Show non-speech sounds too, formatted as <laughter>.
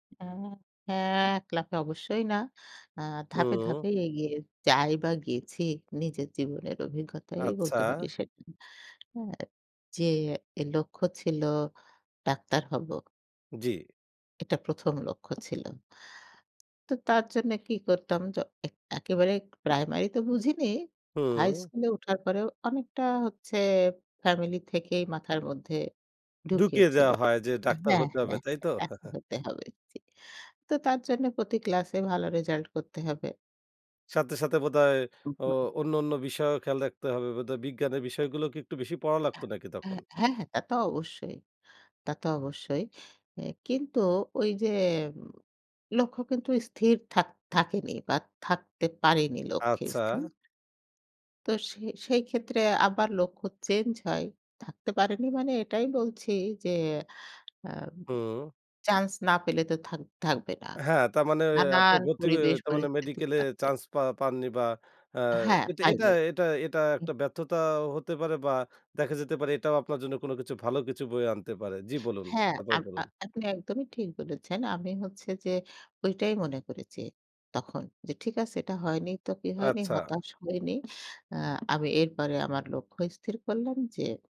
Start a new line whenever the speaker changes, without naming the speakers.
এ আ হ্যাঁ এক লাফে অবশ্যই না। আ ধাপে,
হুম।
ধাপে, এগিয়ে যাই বা গেছি নিজের জীবনের অভিজ্ঞতাই
আচ্ছা।
বলতে পারি সেটা। হ্যাঁ, যে এ লক্ষ্য ছিল ডাক্তার হব
জ্বি।
এটা ১ম লক্ষ্য ছিল। তো তার জন্য কি করতাম জ এক একেবারে প্রাইমারি তো বুঝিনি। হাই
হু।
স্কুলে উঠার পরেও অনেকটা হচ্ছে ফ্যামিলি থেকেই মাথার মধ্যে ঢুকিয়ে
ঢুকিয়ে
ছিল
দেয়া হয় যে ডাক্তার
হ্যাঁ,
হতে হবে,
হ্যাঁ,
তাই তো? <chuckles>
<unintelligible> হতে হবে জি। তো তার জন্য প্রতি ক্লাসে ভালো রেজাল্ট করতে হবে।
সাথে, সাথে বোধহয়
উ
ও
হু।
অন্য, অন্য বিষয়েও খেয়াল রাখতে হবে বোধহয়। বিজ্ঞানের বিষয়গুলো কি একটু বেশি পড়া
এ্যা
লাগতো নাকি তখন?
হ্যাঁ, হ্যাঁ, তা তো অবশ্যই। তা তো অবশ্যই। এ কিন্তু ওইযে উ লক্ষ্য কিন্তু স্থির থাক থাকেনি বা থাকতে পারেনি লক্ষ্যে
আচ্ছা।
স্থির। তো সে সেই ক্ষেত্রে আবার লক্ষ্য চেঞ্জ হয়। থাকতে পারেনি মানে এটাই বলছি যে, আম
হুম।
চান্স না পেলে তো থাক থাকবে না।
হ্যাঁ। তার মানে আপনি
নানান
ভর্তি হয়ে
পরিবেশ
তার মানে
পরিস্থিতি
মেডিকেল এ
কাটবে।
চান্স পা পাননি বা আ
হ্যাঁ
এটা এটা
পাইনি।
এটা এটা
হুম
একটা ব্যর্থতাও হতে পারে বা দেখা যেতে পারে, এটাও আপনার জন্য কোনো কিছু ভালো কিছু বয়ে আনতে পারে। জ্বি বলুন
হ্যাঁ
তারপর
আম আ
বলুন।
আপনি একদমই ঠিক বলেছেন। আমি হচ্ছে যে ঐটাই মনে করেছি তখন যে ঠিক আছে এটা হয়নি, তো কি হয়নি
আচ্ছা।
হতাশ হয়নি। আ আমি এরপরে আমার লক্ষ্য স্থির করলাম যে